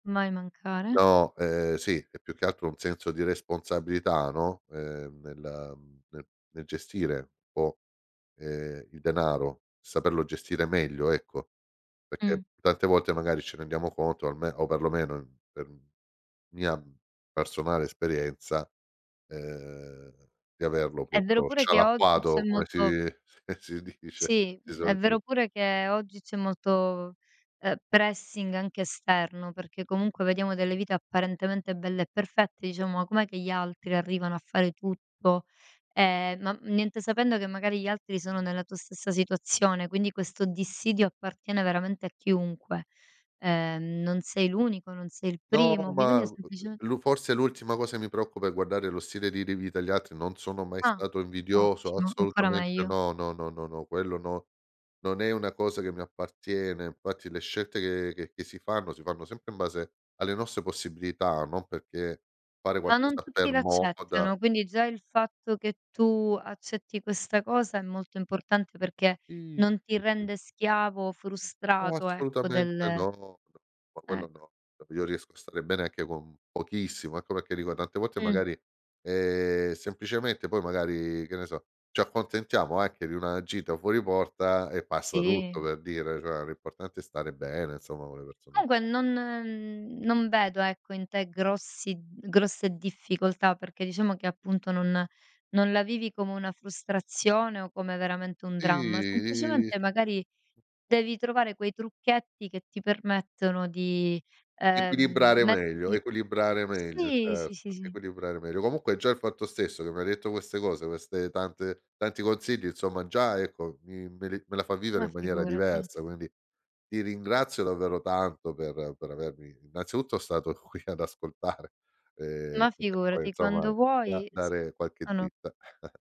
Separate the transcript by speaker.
Speaker 1: Mai mancare.
Speaker 2: No, ehm sì, è più che altro un senso di responsabilità, no, ehm, nella mhmm, nel nel gestire un po' ehm, il denaro, saperlo gestire meglio, ecco.
Speaker 1: Mh.
Speaker 2: Perché tante volte magari ci rendiamo conto, alme o perlomeno per mia personale esperienza ehm, di averlo,
Speaker 1: È vero
Speaker 2: proprio
Speaker 1: pure che oggi c'è
Speaker 2: scialacquato, come
Speaker 1: molto
Speaker 2: si si dice
Speaker 1: Sì,
Speaker 2: di
Speaker 1: è vero
Speaker 2: solito.
Speaker 1: pure che oggi c'è molto, ehm, pressing anche esterno, perché comunque vediamo delle vite apparentemente belle e perfette, diciamo: "Com'è che gli altri arrivano a fare tutto?" Ehm, ma niente, sapendo che magari gli altri sono nella tua stessa situazione, quindi questo dissidio appartiene veramente a chiunque. Ehm, non sei l'unico, non sei il
Speaker 2: No
Speaker 1: primo,
Speaker 2: ma,
Speaker 1: bisogna sempliceme
Speaker 2: lu forse l'ultima cosa che mi preoccupa è guardare lo stile di ri vita degli altri. Non sono mai
Speaker 1: Ah!
Speaker 2: stato invidioso
Speaker 1: Ottimo, ancora
Speaker 2: assolutamente,
Speaker 1: meglio.
Speaker 2: no, no, no, quello no, non è una cosa che mi appartiene. Infatti le scelte che che che si fanno, si fanno sempre in base alle nostre possibilità, non perché fare
Speaker 1: Ma non
Speaker 2: qualcosa
Speaker 1: tutti
Speaker 2: per moda.
Speaker 1: l'accettano, quindi già il fatto che tu accetti questa cosa è molto importante perché
Speaker 2: I
Speaker 1: non ti
Speaker 2: sì, sì.
Speaker 1: rende schiavo,
Speaker 2: No,
Speaker 1: frustrato, ecco
Speaker 2: assolutamente
Speaker 1: del
Speaker 2: no, no ma quello
Speaker 1: ecc
Speaker 2: no. Io riesco a stare bene anche con pochissimo, ecco perché dico tante volte
Speaker 1: Mh.
Speaker 2: magari ehm, semplicemente poi magari che ne so, ci accontentiamo anche di una gita fuori porta e passa tutto
Speaker 1: Sì.
Speaker 2: per dire, cioè l'importante è stare bene insomma con le persone.
Speaker 1: Comunque non non vedo ecco in te grossi d grosse difficoltà, perché diciamo che appunto non non la vivi come una frustrazione o come veramente un dramma.
Speaker 2: Sì.
Speaker 1: Semplicemente magari devi trovare quei trucchetti che ti permettono di, ehm,
Speaker 2: Equilibrare meglio
Speaker 1: metterti
Speaker 2: equilibrare meglio,
Speaker 1: Sì, sì, sì,
Speaker 2: certo,
Speaker 1: sì.
Speaker 2: equilibrare meglio. Comunque già il fatto stesso che m'hai detto queste cose, queste tante tanti consigli, insomma già ecco mi me le me la fa vivere
Speaker 1: Ma
Speaker 2: in maniera
Speaker 1: figurati.
Speaker 2: diversa, quindi ti ringrazio davvero tanto per per avermi innanzitutto stato stato qui ad ascoltare ehm,
Speaker 1: Ma
Speaker 2: e poi
Speaker 1: figurati,
Speaker 2: insomma
Speaker 1: quando
Speaker 2: da
Speaker 1: vuoi s
Speaker 2: dare qualche
Speaker 1: ah no.
Speaker 2: dritta.